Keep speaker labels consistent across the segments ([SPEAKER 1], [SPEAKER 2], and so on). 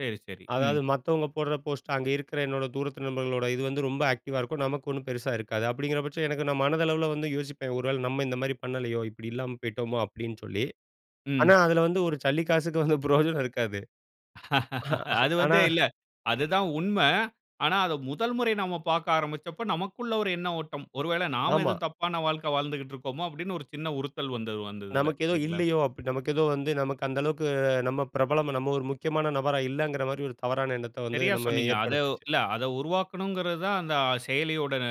[SPEAKER 1] சரி, சரி. ம்.
[SPEAKER 2] அதாவது மத்தவங்க போடுற போஸ்ட்டு, அங்க இருக்கிற என்னோட தூரத்து நண்பர்களோட இது வந்து ரொம்ப ஆக்டிவா இருக்கும். நமக்கு ஒண்ணும் பெருசா இருக்காது. அப்பிடிங்கிற பட்சம் எனக்கு நான் மனதளவுல வந்து யோசிப்பேன். ஒரு வேள நம்ம இந்தமாரி பண்ணலயோ! இப்பிடி இல்லாம போயிட்டோமோ! அப்பிடின்னு சொல்லி, ஆனா
[SPEAKER 1] ம்.
[SPEAKER 2] அதில வந்து ஒரு சல்லி காசுக்கு வந்து பிரயோஜனம் இருக்காது.
[SPEAKER 1] அது
[SPEAKER 2] ஆனா
[SPEAKER 1] வந்து இல்ல. அது தான் உண்மை. ஆனா, அத முதல் முறை நாம பாக்க ஆரம்பிச்சப்ப, நமக்குள்ள ஒரு எண்ண ஓட்டம். ஒரு வேள நாம
[SPEAKER 2] ஆமா.
[SPEAKER 1] எதுவும் தப்பான வாழ்க்கை வாழ்ந்துக்கிட்டு இருக்கோமோ! அப்பிடின்னு ஒரு சின்ன உறுத்தல் வந்தது அந்த இதுல.
[SPEAKER 2] நமக்கு ஏதோ
[SPEAKER 1] இல்லீங்ளா?
[SPEAKER 2] இல்லயோ! அப்பிடி நமக்கு ஏதோ வந்து நமக்கு அந்த அளவுக்கு நம்ம பிரபலமா நம்ம ஒரு முக்கியமான நபரா இல்லங்கிறமாரி, ஒரு தவறான எண்ணத்த வந்து
[SPEAKER 1] சரியா
[SPEAKER 2] நம்ம
[SPEAKER 1] சொன்னீங்க. அத உ
[SPEAKER 2] ஏற்படுத்துச்சு.
[SPEAKER 1] இல்ல அத உருவாக்கணுங்கிறது தான் அந்த செயலியோட ந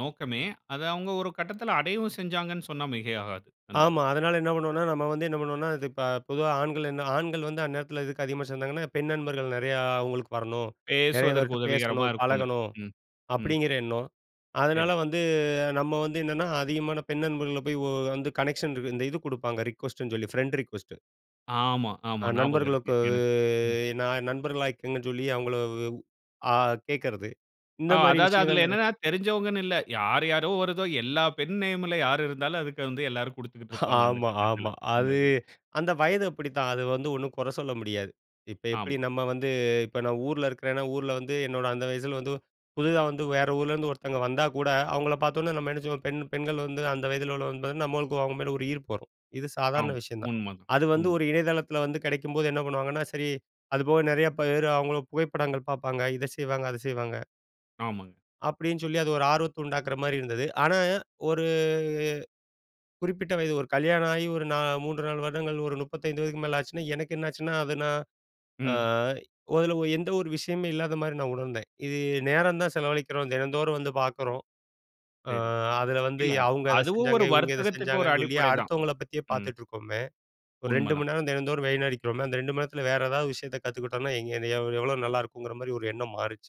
[SPEAKER 1] நோக்கமே. அத அவுங்க ஒரு கட்டத்தில அடையவும் செஞ்சாங்கன்னு சொன்னா, மிகையாகாது. அந்த
[SPEAKER 2] ஆமா. அதனால என்ன பண்ணுவோன்னா, நம்ம வந்து என்ன பண்ணுவோன்னா, இது இப்ப பொதுவா ஆண்கள் என்ன ஆண்கள் வந்து அந்நேரத்தில எதுக்கு அதிகமா சேர்ந்தாங்கன்னா? பெண் நண்பர்கள் நெறையா அவுங்களுக்கு வரணும். நெறைய
[SPEAKER 1] பேசுவதற்கு
[SPEAKER 2] பேர்ட்ட
[SPEAKER 1] உதவிகரமா
[SPEAKER 2] பேசணும்,
[SPEAKER 1] இருக்குன்னு,
[SPEAKER 2] பழகணும்.
[SPEAKER 1] ம்.
[SPEAKER 2] அப்பிடிங்கிற எண்ணம். அதனால
[SPEAKER 1] சரி.
[SPEAKER 2] வந்து நம்ம வந்து என்னென்னா, அதிகமான பெண் நண்பர்கள போய் ஓ வந்து கனெக்ஷன் இருக்கு இந்த இது குடுப்பாங்க. ரிக்கொஸ்ட்டுன்னு சொல்லி, ஃப்ரெண்ட் ரிக்கொஸ்ட்டு.
[SPEAKER 1] ஆமா,
[SPEAKER 2] ஆ
[SPEAKER 1] ஆமா. ஞாபகம் இருக்கு
[SPEAKER 2] நண்பர்களுக்கு
[SPEAKER 1] எனக்கு. ம்.
[SPEAKER 2] நான் நண்பர்களா ஆக்கிங்கன்னு சொல்லி அவுங்கள, ஆ கேக்கிறது இந்த
[SPEAKER 1] ஆ,
[SPEAKER 2] மாரி
[SPEAKER 1] அதாவது
[SPEAKER 2] விஷயங்கள்
[SPEAKER 1] அதில
[SPEAKER 2] நெற
[SPEAKER 1] என்னான்னா, தெரிந்தவங்கன்னு இல்ல. யாரு யாரோ வருதோ! எல்லா பெண் நேம்ல யார் இருந்தாலும், அதுக்கு வந்து எல்லாரும் குடுத்துக்கிட்டு இருப்பாங்க. அந்த
[SPEAKER 2] ஆமா,
[SPEAKER 1] கட்டத்தில,
[SPEAKER 2] ஆமா.
[SPEAKER 1] அந்த
[SPEAKER 2] அது
[SPEAKER 1] இதில.
[SPEAKER 2] அந்த வயது அப்பிடித்தான். அது வந்து ஒண்ணும் கொற சொல்ல முடியாது. இப்ப எப்பிடி
[SPEAKER 1] ஆமா.
[SPEAKER 2] நம்ம வந்து இப்ப நான் ஊர்ல இருக்கிறேன்னா, ஊர்ல வந்து, என்னோட அந்த வயசில வந்து புதிதா வந்து வேற ஊர்லருந்து ஒருத்தவங்க வந்தா கூட, அவுங்கள பதோன்னே, நம்ம என்ன செய்வோம்? பெண் பெண்கள் வந்து அந்த வயதில உள்ளவங்கங்கும்போது, நம்மளுக்கு அவுங்க மேல ஒரு ஈர்ப்பு வரும். இது சாதாரண
[SPEAKER 1] ஆமா.
[SPEAKER 2] விஷயம் தான்.
[SPEAKER 1] உண்ம தான்,
[SPEAKER 2] அது வந்து
[SPEAKER 1] உண்ம.
[SPEAKER 2] ஒரு இணையதளத்தில வந்து கிடைக்கும்போது என்ன பண்ணுவாங்கன்னா சரி அது போக நெறைய பேரு அவுங்கள புகைப்படங்கள் பாப்பாங்க. இத செய்வாங்க. அத செய்வாங்க.
[SPEAKER 1] ஆமாங்க.
[SPEAKER 2] அப்பிடின்னு சொல்லி அது ஒரு ஆர்வத்த உண்டாக்குறமாரி இருந்தது. ஆனா, ஒரு குறிப்பிட்ட வயது ஒரு கல்யாணம் ஆயி ஒரு நா 3.5 வருடங்கள், ஒரு 35 வயதுக்கு மேல ஆச்சுனா, எனக்கு என்ன ஆச்சுனா, அது நான் அ
[SPEAKER 1] ம்.
[SPEAKER 2] அதுல எந்த ஒரு விஷயமே இல்லாதமாரி நான் உணர்ந்தேன். இது நேரம் தான் செலவழிக்கிறோம். தினந்தோறும் வந்து பாக்கிறோம். ஆ
[SPEAKER 1] சரி.
[SPEAKER 2] அதில வந்து,
[SPEAKER 1] இல்ல,
[SPEAKER 2] அவுங்க அத
[SPEAKER 1] அதுவும்
[SPEAKER 2] செஞ்சாங்க,
[SPEAKER 1] ஒரு
[SPEAKER 2] இவுங்க இத
[SPEAKER 1] வர்த்தகத்துக்கு ஒரு
[SPEAKER 2] செஞ்சாங்கன்னு சொல்லி
[SPEAKER 1] அடிப்படை தான்.
[SPEAKER 2] அடுத்தவங்கள பத்தியே
[SPEAKER 1] ம்.
[SPEAKER 2] பாத்துட்ருக்கோமே, ஒரு
[SPEAKER 1] உண்ம
[SPEAKER 2] 2
[SPEAKER 1] தான்.
[SPEAKER 2] மணி நேரம் தினந்தோறும் வீணடிக்கிறோமே! அந்த 2 மணி நேரத்ல வேற ஏதாவது விஷயத்த கத்துக்கிட்டோன்னா, எங்க எந்த எவ் எவ்ளோ நல்லாயிருக்குங்கிறமாரி ஒரு எண்ணம் மாறிச்சு.